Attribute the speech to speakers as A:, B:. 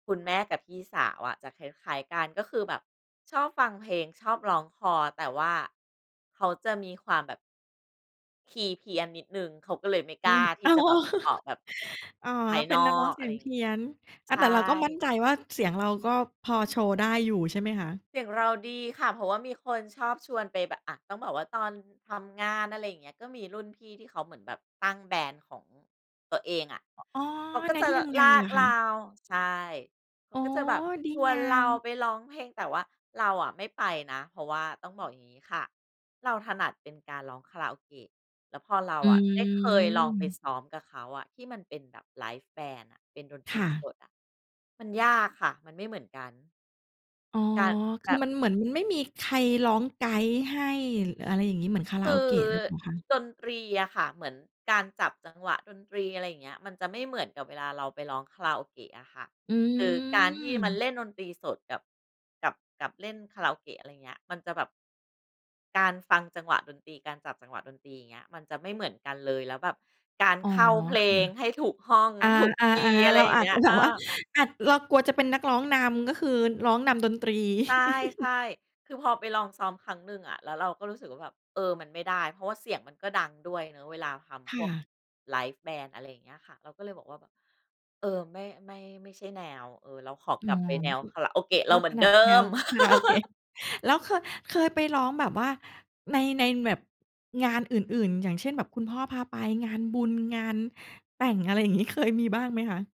A: คุณแม่กับพี่สาวอะ จะคล้าย ๆ กัน ก็คือแบบชอบฟังเพลง ชอบร้องคลอ แต่ว่า เขาจะมีความแบบ คีย์เพี้ยนนิดหนึ่ง เขาก็เลยไม่
B: อ
A: ก
B: ื
A: ล้า
B: ม
A: ท
B: อ
A: ี
B: ้
A: ่
B: า
A: จ
B: ว
A: ะแบบออกแบบ
B: อ๋อ
A: ภาย
B: เป
A: น
B: ็
A: อ
B: นนักร้อง
A: ก
B: เส
A: อะ
B: ี
A: ไ
B: ย
A: ร
B: ง
A: อย่า
B: เพ
A: งงี
B: ี
A: ้
B: ้ยน อา
A: ใช
B: แต่เราก็มั่
A: ่
B: นใจว่าเสียงเราก็พอโชว์ได้อยู่ใช่ไหมคะ?
A: เสียงเราดีค่ะ เพราะว่ามีคนชอบชวนไปแบบ อา ต้องบอกว่าตอนทำงาน อะไรอย่างเงี้ย ก็มีรุ่นพี่ที่เขาเหมือนแบบตั้ง แบนด์ ของตัวเองอะ
B: อ๋อ
A: เขาก
B: ใ
A: ็
B: น
A: จะ
B: ที่ทำงา
A: ล
B: น
A: า
B: เหร
A: ก
B: อค
A: เ
B: ะ?
A: รา ใช่ เขา
B: อ๋อ
A: ก็จะแบบ
B: ดี
A: ชว
B: ง
A: น
B: า
A: เรา
B: ม
A: ไปร้องเพลง แต่ว่าเราอะไม่ไปนะ เพราะว่าต้องบอกอย่างนี้ค่ะ เราถนัดเป็นการร้องคาราโอเกะ แล้วพอเรา
B: อ
A: อะได้เคยลองไป
B: ืม
A: ซ้อมกับเขาอะ ที่มันเป็นแบบ ไลฟ์แบนด์ น่ะ เป็นดนต
B: ค
A: รี
B: ่ะ
A: สดอะ มันยากค่ะ มันไม่เหมือนกัน
B: อ๋อ
A: การ
B: ค
A: แบ
B: ือ
A: บ
B: มัน เหมือนมันไม่มีใครร้องไกด์ให้ อะไรอย่างงี้ เหมือนคาร
A: ค
B: าโ
A: ื
B: อ
A: อ
B: เกะหรือเปล่าคะ?
A: ดนตรีอะค่ะ เหมือนการจับจังหวะดนตรี อะไรอย่างเงี้ย มันจะไม่เหมือนกับเวลาเราไปร้องคาราโอเกะอะค่ะ
B: อ
A: คือการที่มัน
B: ืม
A: เล่นดนตรีสดกับ กับ กับเล่นคาราโอเกะ อะไรอย่างเงี้ย มันจะแบบ การฟังจังหวะดนตรี การจับจังหวะดนตรี อย่างเงี้ย มันจะไม่เหมือนกันเลย แล้วแบบการ
B: อ๋อ
A: เข้าเพล
B: ค
A: งให้ถูกห้อง
B: ่ะ
A: ถูก
B: อา
A: คีย์ อ
B: ๆ
A: ะ
B: ๆ
A: ไร
B: เรา
A: อย่า
B: อ
A: ง
B: า
A: เง
B: จ
A: ี้
B: จ
A: ย
B: ะแบ
A: อ
B: บว่า
A: า
B: อาจ เรากลัวจะเป็นนักร้องนำ ก็คือร้องนำดนตรี
A: ใช่ ๆ คือพอไปลองซ้อมครั้งหนึ่งอะ แล้วเราก็รู้สึกว่าแบบ เออ มันไม่ได้ เพราะเสียงมันก็ดังด้วยเนาะเวลาท
B: ค
A: ำพ
B: ่
A: วก
B: ะ
A: ไลฟ์แบนด์ อะไรอย่างเงี้ยค่ะ เราก็เลยบอกว่าแบบ เออ ไม่ ไม่ ไม่ใช่แนว เออ เราขอ
B: อ๋
A: ก
B: อ
A: ลับไปแน
B: ก็
A: ว
B: คือ
A: คาราโอเกะเ
B: ก
A: ร
B: ็
A: าเหม
B: ถ
A: ือน
B: น
A: เด
B: ั
A: ิ
B: ดแนว
A: ม
B: คาราโอเกะ แล้วเคย เคยไปร้องแบบว่า ใน ในแบบ งานอื่น ๆ อย่างเช่น แบบคุณพ่อพาไป งานบุญ งานแต่ง อะไรอย่างงี้ เคยมีบ้างไหมคะ?